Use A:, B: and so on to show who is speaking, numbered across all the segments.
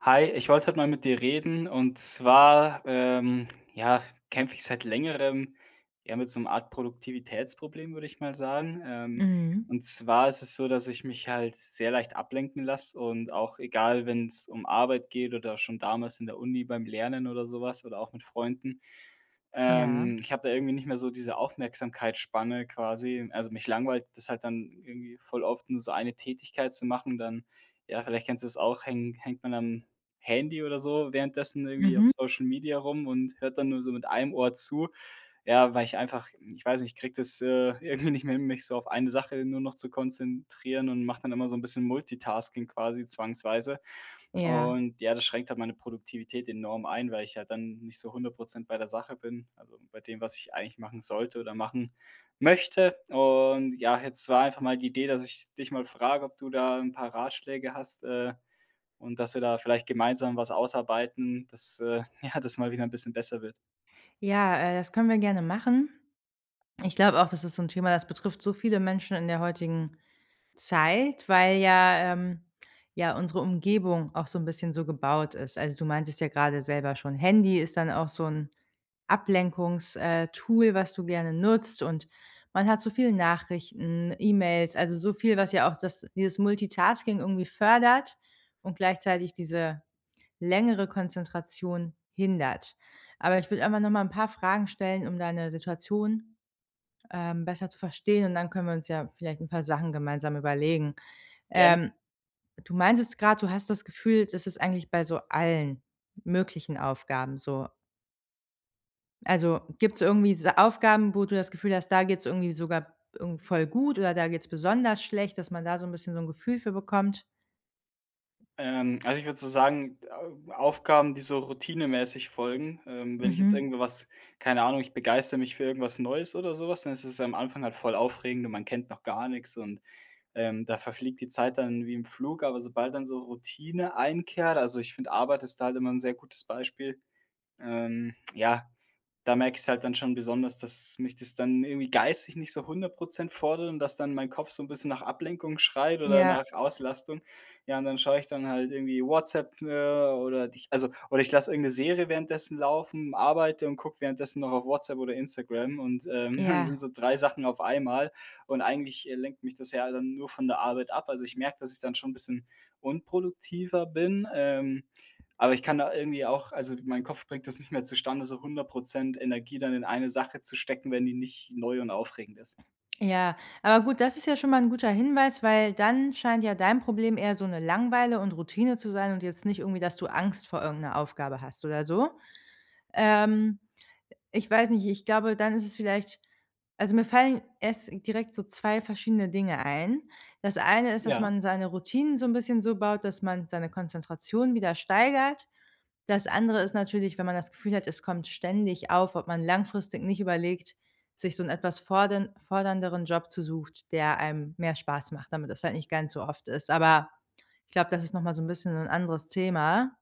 A: Hi, ich wollte heute mal mit dir reden und zwar, ähm, ja, kämpfe ich seit längerem ja mit so 'nem Art Produktivitätsproblem, würde ich mal sagen, ähm.
B: Mhm.
A: Und zwar ist es so, dass ich mich halt sehr leicht ablenken lasse und auch egal, wenn es um Arbeit geht oder schon damals in der Uni beim Lernen oder sowas oder auch mit Freunden.
B: Ja.
A: Ähm, ich habe da irgendwie nicht mehr so diese Aufmerksamkeitsspanne quasi. Also, mich langweilt das halt dann irgendwie voll oft, nur so eine Tätigkeit zu machen, dann ja, vielleicht kennst du es auch, häng hängt man am Handy oder so währenddessen irgendwie auf
B: Mhm.
A: Social Media rum und hört dann nur so mit einem Ohr zu, ja, weil ich einfach ich weiß nicht, kriege das, äh, irgendwie nicht mehr, mich so auf eine Sache nur noch zu konzentrieren und mache dann immer so 'n bisschen Multitasking quasi zwangsweise.
B: Ja.
A: Und ja, das schränkt halt meine Produktivität enorm ein, weil ich halt dann nicht so 100 % bei der Sache bin also bei dem, was ich eigentlich machen sollte oder machen möchte. Und ja, jetzt war einfach mal die Idee, dass ich dich mal frage, ob du da 'n paar Ratschläge hast, äh, und dass wir da vielleicht gemeinsam was ausarbeiten, dass, äh, ja, das mal wieder 'n bisschen besser wird.
B: Ja, äh, das können wir gerne machen. Ich glaube auch, das ist so 'n Thema, das betrifft so viele Menschen in der heutigen Zeit, weil, ja ähm, ja unsere Umgebung auch so 'n bisschen so gebaut ist. Also, du meintest ja gerade selber schon, Handy ist dann auch so 'n Ablenkungs, äh, Tool, was du gerne nutzt, und man hat so viel Nachrichten, E-Mails, also so viel, was ja auch das dieses Multitasking irgendwie fördert und gleichzeitig diese längere Konzentration hindert. Aber ich will einfach noch mal 'n paar Fragen stellen, um deine Situation, ähm, besser zu verstehen, und dann können wir uns ja vielleicht 'n paar Sachen gemeinsam überlegen.
A: Gerne.
B: Ähm, du meintest gerade, du hast das Gefühl, das ist eigentlich bei so allen möglichen Aufgaben so Also gibt's irgendwie diese Aufgaben, wo du das Gefühl hast, da geht's irgendwie sogar irgend voll gut oder da geht's besonders schlecht, dass man da so 'n bisschen so 'n Gefühl für bekommt?
A: Ähm, also ich würde so sagen, Au Aufgaben, die so routinemäßig folgen, ähm, wenn ich jetzt
B: Mhm.
A: irgendwo was keine Ahnung, ich begeistere mich für irgendwas Neues oder sowas. Dann ist es am Anfang halt voll aufregend und man kennt noch gar nix und, ähm, da verfliegt die Zeit dann wie im Flug, aber sobald dann so Routine einkehrt also ich finde, Arbeit ist da halt immer 'n sehr gutes Beispiel. Ähm, ja. Da merke ich's halt dann schon besonders, dass mich das dann irgendwie geistig nicht so 100 % fordert und dass dann mein Kopf so 'n bisschen nach Ablenkung schreit oder
B: Ja.
A: nach Auslastung. Ja, und dann schaue ich dann halt irgendwie WhatsApp, äh, oder also oder ich lasse irgendeine Serie währenddessen laufen, arbeite und gucke währenddessen noch auf WhatsApp oder Instagram und, ähm, dann sind
B: Ja.
A: so 3 Sachen auf einmal und eigentlich lenkt mich das ja dann nur von der Arbeit ab. Also ich merke, dass ich dann schon 'n bisschen unproduktiver bin, ähm, aber ich kann da irgendwie auch also mein Kopf bringt das nicht mehr zustande, so 100 % Energie dann in eine Sache zu stecken, wenn die nicht neu und aufregend ist.
B: Ja, aber gut, das ist ja schon mal 'n guter Hinweis, weil dann scheint ja dein Problem eher so 'ne Langeweile und Routine zu sein und jetzt nicht irgendwie, dass du Angst vor irgend 'ner Aufgabe hast oder so. Ähm. Ich weiß nicht ich glaube, dann ist es vielleicht also mir fallen erst direkt so 2 verschiedene Dinge ein. Das eine ist, dass
A: Ja?
B: man seine Routinen so 'n bisschen so baut, dass man seine Konzentration wieder steigert. Das andere ist natürlich, wenn man das Gefühl hat, es kommt ständig auf, ob man langfristig nicht überlegt, sich so 'n etwas fordern fordernderen Job zu sucht, der einem mehr Spaß macht, damit das halt nicht gar nicht so oft ist. Aber, ich glaube, das ist noch mal so 'n bisschen so 'n anderes Thema.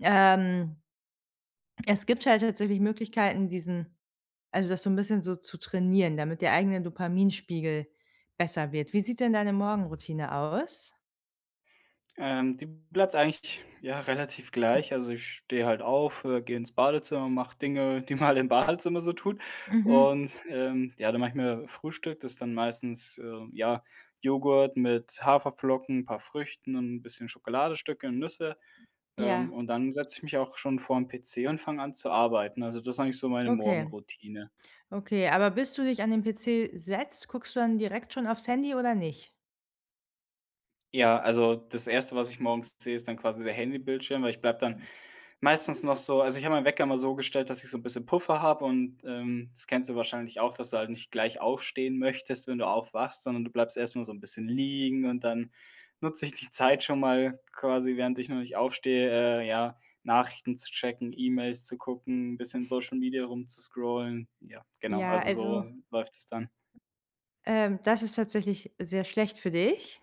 B: Ähm. Es gibt halt tatsächlich Möglichkeiten, diesen also das so 'n bisschen so zu trainieren, damit der eigene Dopaminspiegel besser wird. Wie sieht denn deine Morgenroutine aus?
A: Ähm, die bleibt eigentlich ja relativ gleich, also ich stehe halt auf, äh, gehe ins Badezimmer, mach Dinge, die man im Badezimmer so tut,
B: Mhm.
A: und, ähm, ja, dann mache ich mir Frühstück. Das ist dann meistens, äh, ja, Joghurt mit Haferflocken, 'n paar Früchten und 'n bisschen Schokoladestücke und Nüsse, ähm,
B: Ja.
A: und dann setze ich mich auch schon vorm PC und fange an, zu arbeiten. Also das ist eigentlich so meine
B: Okay.
A: Morgenroutine.
B: Okay, aber bist du dich an den PC setzt, guckst du dann direkt schon aufs Handy oder nicht?
A: Ja, also das erste, was ich morgens sehe, ist dann quasi der Handybildschirm, weil ich bleibe dann meistens noch so also, ich habe meinen Wecker immer so gestellt, dass ich so 'n bisschen Puffer habe und, ähm, das kennst du wahrscheinlich auch, dass du halt nicht gleich aufstehen möchtest, wenn du aufwachst, sondern du bleibst erst mal so 'n bisschen liegen und dann nutze ich die Zeit schon mal quasi, während ich noch nicht aufstehe, äh, ja, Nachrichten zu checken, E-Mails zu gucken, 'n bisschen in Social Media rumzuscrollen. Ja, genau,
B: Ja,
A: also so
B: also
A: läuft es dann.
B: ähm, das ist tatsächlich sehr schlecht für dich.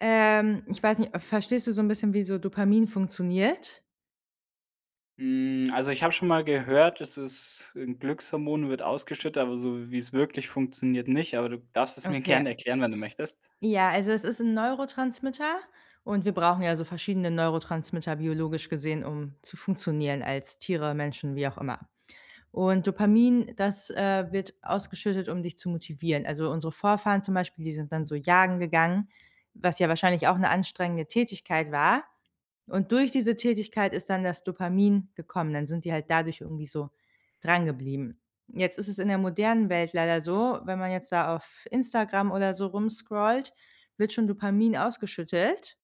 B: Ähm. Ich weiß nicht, äh, verstehst du so 'n bisschen, wie so Dopamin funktioniert?
A: Hm, also ich habe schon mal gehört, das es 'n Glückshormon wird ausgeschüttet, aber so wie's wirklich funktioniert nicht. Aber du darfst es mir gerne
B: Okay.
A: erklären, wenn du möchtest.
B: Ja, also es ist 'n Neurotransmitter. Und wir brauchen ja so verschiedene Neurotransmitter, biologisch gesehen, um zu funktionieren als Tiere, Menschen, wie auch immer. Und Dopamin, das, äh, wird ausgeschüttet, um dich zu motivieren. Also unsere Vorfahren zum Beispiel, die sind dann so jagen gegangen, was ja wahrscheinlich auch 'ne anstrengende Tätigkeit war, und durch diese Tätigkeit ist dann das Dopamin gekommen. Dann sind die halt dadurch irgendwie so drangeblieben. Jetzt ist es in der modernen Welt leider so, wenn man jetzt da auf Instagram oder so rumscrollt, wird schon Dopamin ausgeschüttet,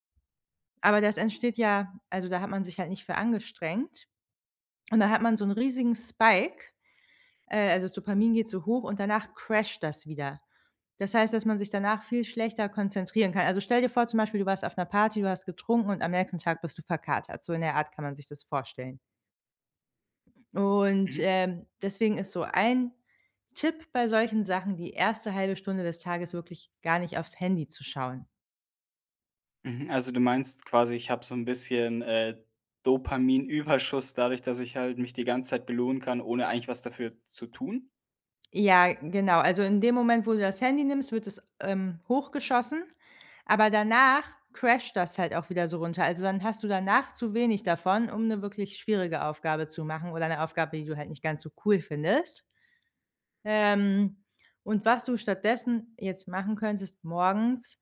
B: aber das entsteht ja also da hat man sich halt nicht für angestrengt und da hat man so 'n riesigen Spike, äh also das Dopamin geht zu hoch und danach crasht das wieder. Das heißt, dass man sich danach viel schlechter konzentrieren kann. Also stell dir vor, zum Beispiel, du warst auf 'ner Party, du hast getrunken und am nächsten Tag bist du verkatert. So in der Art kann man sich das vorstellen. Und,
A: Mhm.
B: ähm, deswegen ist so ein Tipp bei solchen Sachen: Die erste 1/2 Stunde des Tages wirklich gar nicht aufs Handy zu schauen.
A: Mhm, also du meinst quasi, ich habe so 'n bisschen, äh, Dopaminüberschuss dadurch, dass ich halt mich die ganze Zeit belohnen kann, ohne eigentlich was dafür zu tun?
B: Ja, genau. Also in dem Moment, wo du das Handy nimmst, wird es, ähm, hochgeschossen, aber danach crasht das halt auch wieder so runter. Also, dann hast du danach zu wenig davon, um 'ne wirklich schwierige Aufgabe zu machen oder 'ne Aufgabe, die du halt nicht ganz so cool findest. Ähm, und was du stattdessen jetzt machen könntest morgens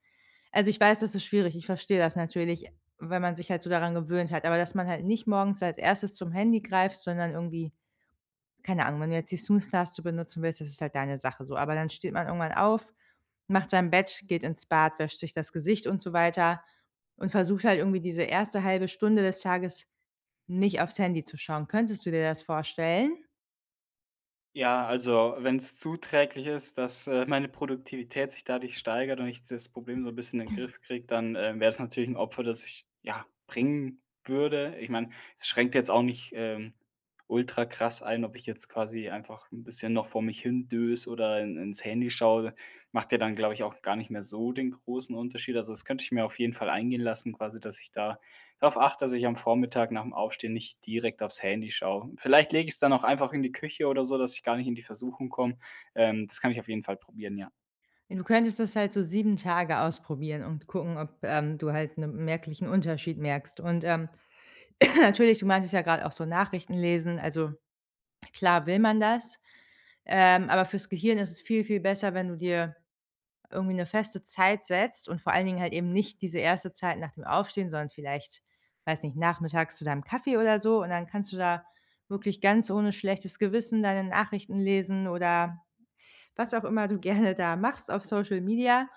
B: also, ich weiß, das ist schwierig. Ich verstehe das natürlich, wenn man sich halt so daran gewöhnt hat. Aber dass man halt nicht morgens als Erstes zum Handy greift, sondern irgendwie, keine Ahnung wenn du jetzt die Snooze Taste benutzen willst, das ist halt deine Sache so. Aber dann steht man irgendwann auf, macht sein Bett, geht ins Bad, wäscht sich das Gesicht und so weiter und versucht halt irgendwie diese erste 1/2 Stunde des Tages nicht aufs Handy zu schauen. Könntest du dir das vorstellen?
A: Ja, also wenn's zuträglich ist, dass, äh, meine Produktivität sich dadurch steigert und ich das Problem so 'n bisschen in Griff kriege, dann, äh, wär's natürlich 'n Opfer, das ich ja, bringen würde. Ich meine, es schränkt jetzt auch nicht, ähm, ultra krass ein, ob ich jetzt quasi einfach 'n bisschen noch vor mich hindöse oder in ins Handy schaue. Macht ja dann, glaube ich, auch gar nicht mehr so den großen Unterschied. Also das könnte ich mir auf jeden Fall eingehen lassen, quasi, dass ich da drauf achte, dass ich am Vormittag nach dem Aufstehen nicht direkt aufs Handy schaue. Vielleicht lege ich's dann auch einfach in die Küche oder so, dass ich gar nicht in die Versuchung komme. Ähm, das kann ich auf jeden Fall probieren, ja.
B: Du könntest das halt so 7 Tage ausprobieren und gucken, ob, ähm, du halt 'nen merklichen Unterschied merkst. Und, ähm, natürlich, du meintest ja gerade auch so Nachrichtenlesen also klar will man das, ähm, aber fürs Gehirn ist es viel viel besser, wenn du dir irgendwie 'ne feste Zeit setzt und vor allen Dingen halt eben nicht diese erste Zeit nach dem Aufstehen, sondern vielleicht weiß nicht, nachmittags zu deinem Kaffee oder so. Und dann kannst du da wirklich ganz ohne schlechtes Gewissen deine Nachrichten lesen oder was auch immer du gerne da machst auf Social Media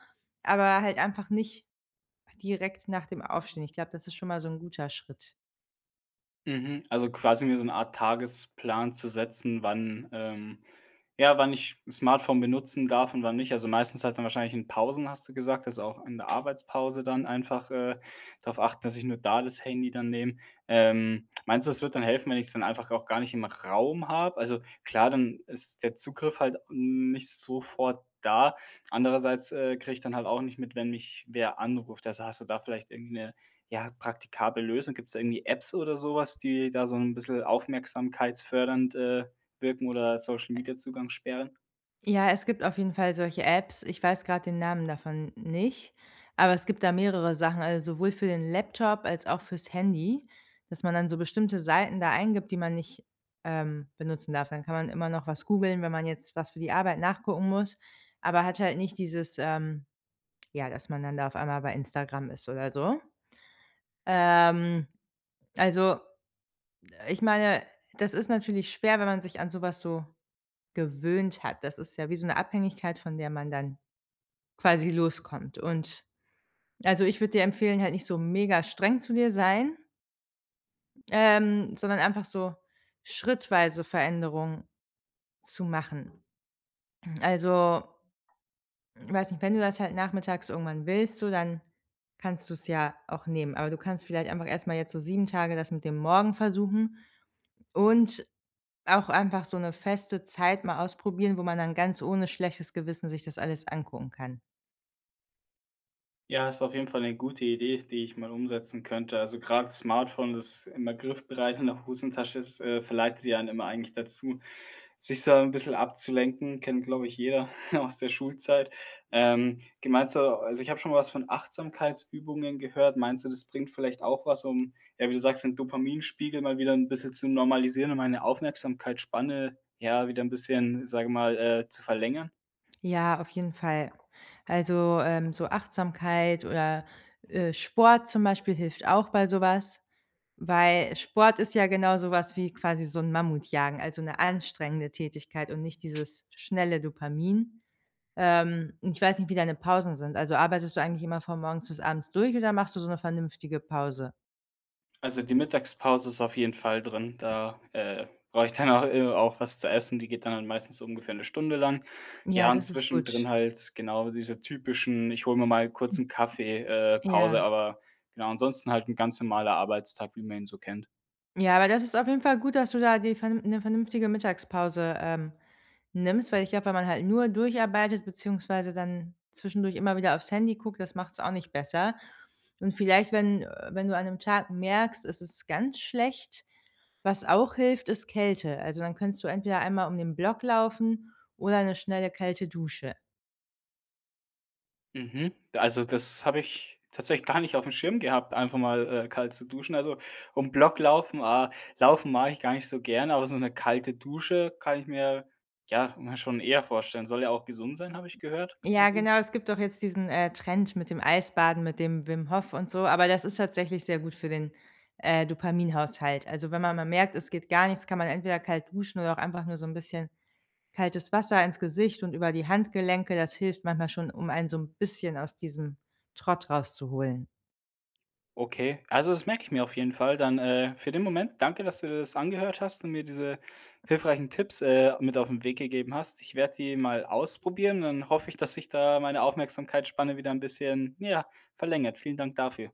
B: aber halt einfach nicht direkt nach dem Aufstehen. Ich glaube, das ist schon mal so 'n guter Schritt.
A: Mhm. Also, quasi mir so 'ne Art Tagesplan zu setzen, wann, ähm ja, wann ich 'n Smartphone benutzen darf und wann nicht. Also, meistens halt dann wahrscheinlich in Pausen, hast du gesagt? Also, auch in der Arbeitspause dann einfach, äh, darauf achten, dass ich nur da das Handy dann nehme. Ähm, meinst du, das wird dann helfen, wenn ich es dann einfach auch gar nicht im Raum habe? Also klar, dann ist der Zugriff halt, hm, nicht sofort da. Andererseits, äh, kriege ich dann halt auch nicht mit, wenn mich wer anruft. Also, hast du da vielleicht irgend 'ne, ja, praktikable Lösung? Gibt's da irgendwie Apps oder so was, die da so 'n bisschen aufmerksamkeitsfördernd, äh, wirken, oder Social-Media-Zugangs-Sperren?
B: Ja, es gibt auf jeden Fall solche Apps, ich weiß gerade den Namen davon nicht, aber es gibt da mehrere Sachen, also, sowohl für den Laptop als auch fürs Handy, dass man dann so bestimmte Seiten da eingibt, die man nicht, ähm, benutzen darf. Dann kann man immer noch was googeln, wenn man jetzt was für die Arbeit nachgucken muss, aber hat halt nicht dieses, ähm ja, dass man dann da auf einmal bei Instagram ist oder so. Ähm, also, äh, ich meine, das ist natürlich schwer, wenn man sich an so was so gewöhnt hat. Das ist ja wie so 'ne Abhängigkeit, von der man dann quasi loskommt und also, ich würde dir empfehlen, halt nicht so megastreng zu dir sein ähm, sondern einfach so schrittweise Veränderungen zu machen. Also, weiß nicht, wenn du das halt nachmittags irgendwann willst, so, dann kannst du's ja auch nehmen. Aber du kannst vielleicht einfach erst mal jetzt so 7 Tage das mit dem Morgen versuchen und auch einfach so 'ne feste Zeit mal ausprobieren, wo man dann ganz ohne schlechtes Gewissen sich das alles angucken kann.
A: Ja, ist auf jeden Fall 'ne gute Idee, die ich mal umsetzen könnte. Also, grad 's Smartphone, das immer griffbereit in der Hosentasche ist, äh, verleitet ja einen immer eigentlich dazu, sich so ein bisschen abzulenken, kennt, glaube ich, jeder aus der Schulzeit. Ähm. Ge meinst du also, ich habe schon mal was von Achtsamkeitsübungen gehört. Meinst du, das bringt vielleicht auch was, um, äh, wie du sagst, den Dopaminspiegel mal wieder 'n bisschen zu normalisieren und meine Aufmerksamkeitsspanne, ja, wieder 'n bisschen, sage ich mal, äh, zu verlängern?
B: Ja, auf jeden Fall. Also, ähm, so Achtsamkeit oder, äh, Sport zum Beispiel hilft auch bei so was, weil Sport ist ja genau so was wie quasi so 'n Mammutjagen, also 'ne anstrengende Tätigkeit und nicht dieses schnelle Dopamin. Ähm, ich weiß nicht, wie deine Pausen sind. Also, arbeitest du eigentlich immer von morgens bis abends durch oder machst du so 'ne vernünftige Pause?
A: Also, die Mittagspause ist auf jeden Fall drin, da, äh, brauche ich danach, äh, auch was zu essen. Die geht dann halt meistens so ungefähr 'ne Stunde lang. Ja,
B: Ja,
A: und
B: das ist gut.
A: zwischendrin halt genau diese typischen „Ich hole mir mal kurz 'n Kaffee, äh, Pause“,
B: Ja.
A: aber genau, ansonsten halt 'n ganz normaler Arbeitstag, wie man ihn so kennt.
B: Ja, aber das ist auf jeden Fall gut, dass du da dir vernünf dir 'ne vernünftige Mittagspause, ähm, nimmst, weil ich glaube, wenn man halt nur durcharbeitet beziehungsweise dann zwischendurch immer wieder aufs Handy guckt, das macht's auch nicht besser. Und vielleicht, wenn, äh, wenn du an 'nem Tag merkst, es ist ganz schlecht, was auch hilft, ist Kälte. Also dann könntest du entweder einmal um den Block laufen oder 'ne schnelle kalte Dusche.
A: Mhm. Also, das habe ich tatsächlich gar nicht auf dem Schirm gehabt, einfach mal, äh, kalt zu duschen. Also, um Block laufen, ah Laufen mache ich gar nicht so gerne, aber so 'ne kalte Dusche kann ich mir, ja ja, schon eher vorstellen. Soll ja auch gesund sein, habe ich gehört,
B: Ja
A: quasi?
B: genau, es gibt doch jetzt diesen, äh, Trend mit dem Eisbaden, mit dem Wim Hof und so, aber das ist tatsächlich sehr gut für den, äh, Dopaminhaushalt. Also wenn man mal merkt, es geht gar nichts, kann man entweder kalt duschen oder auch einfach nur so 'n bisschen kaltes Wasser ins Gesicht und über die Handgelenke. Das hilft manchmal schon, um einen so 'n bisschen aus diesem Trott rauszuholen.
A: Okay, also das merke ich mir auf jeden Fall dann, äh, für den Moment. Danke, dass du dir das angehört hast und mir diese hilfreichen Tipps, äh, mit auf 'n Weg gegeben hast. Ich werde die mal ausprobieren und dann hoffe ich, dass sich da meine Aufmerksamkeitsspanne wieder 'n bisschen, ja, verlängert. Vielen Dank dafür.